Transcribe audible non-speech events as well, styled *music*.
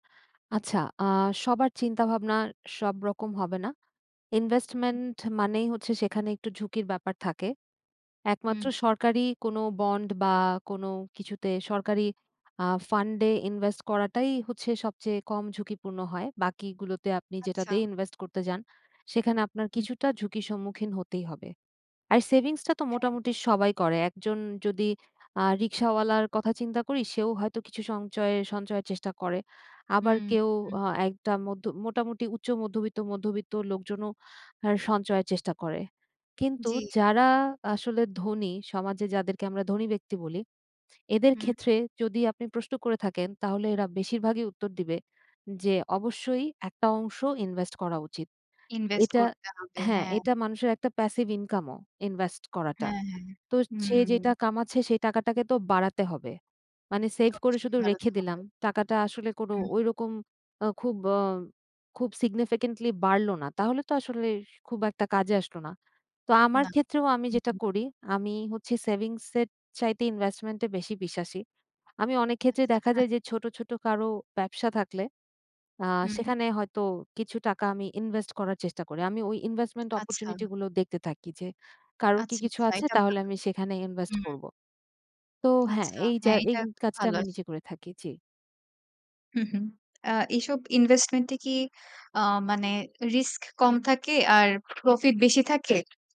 আচ্ছা, আ সবার চিন্তাভাবনা সবরকম হবে না। investment মানেই হচ্ছে সেখানে একটু ঝুঁকির ব্যাপার থাকে একমাত্র হুম। সরকারি কোন বন্ড বা কোন কিছুতে সরকারি আ ফান্ডে ইনভেস্ট করাটাই হচ্ছে সবচেয়ে কম ঝুঁকিপূর্ণ হয়, বাকিগুলোতে আপনি আচ্ছা। যেটাতেই ইনভেস্ট করতে যান সেখানে আপনার হুম। কিছুটা ঝুঁকির সম্মুখীন হতেই হবে। আর সেভিংসটা তো হ্যাঁ। মোটামুটি সবাই করে একজন যদি আ রিক্শাওয়ালার কথা চিন্তা করি সেও হয়তো কিছু সঞ্চয়- সঞ্চয়ের চেষ্টা করে। আবার হুম, কেউ হুম। আ একটা মধ্য মোটামুটি উচ্চ মধ্যবিত্ত, মধ্যবিত্ত লোকজনও আর সঞ্চয়ের চেষ্টা করে। কিন্তু জি। যারা আসলে ধনী, সমাজে যাদেরকে আমরা ধনী ব্যক্তি বলি, এদের হুম। ক্ষেত্রে যদি আপনি প্রশ্ন করে থাকেন তাহলে এরা বেশিরভাগই উত্তর দিবে যে অবশ্যই একটা অংশ ইনভেস্ট করা উচিত। ইনভেস্ট এটা করতে হবে, হ্যাঁ, হ্যাঁ। এটা মানুষের একটা passive income ও ইনভেস্ট করাটা। হ্যাঁ, হ্যাঁ, তো সে যেটা হুম। কামাচ্ছে সে টাকাটাকে তো বাড়াতে হবে। মানে সেভ করে অবশ্যই শুধু বাড়াতে রেখে হবে। দিলাম টাকাটা আসলে কোন হুম। ওই রকম অ খুব অ খুব significantly বাড়লো না, তাহলে তো আসলে খুব একটা কাজে আসলো না। তো আমার না। ক্ষেত্রেও আমি যেটা করি আমি হচ্ছে সেভিংসের চাইতে ইনভেস্টমেন্টে বেশি বিশ্বাসী। আমি অনেক ক্ষেত্রে আচ্ছা। দেখা *laughs* যায় যে ছোট, ছোট কারো ব্যবসা থাকলে আ হুম। সেখানে হয়তো কিছু টাকা আমি ইনভেস্ট করার চেষ্টা করি আমি ওই investment আচ্ছা। opportunity গুলো দেখতে থাকি যে, কারোর কি আচ্ছা, কিছু আচ্ছা। আছে এটা তাহলে ভালো। আমি সেখানে ইনভেস্ট হুম। করব। তো হ্যাঁ, আচ্ছা, এই যা হ্যাঁ। এই এটা খুব কাজটা ভালো আমি আস নিজে করে থাকি। জি। হুম, হুম। আ এসব investment কি আ মানে রিস্ক কম থাকে আর প্রফিট বেশি থাকে?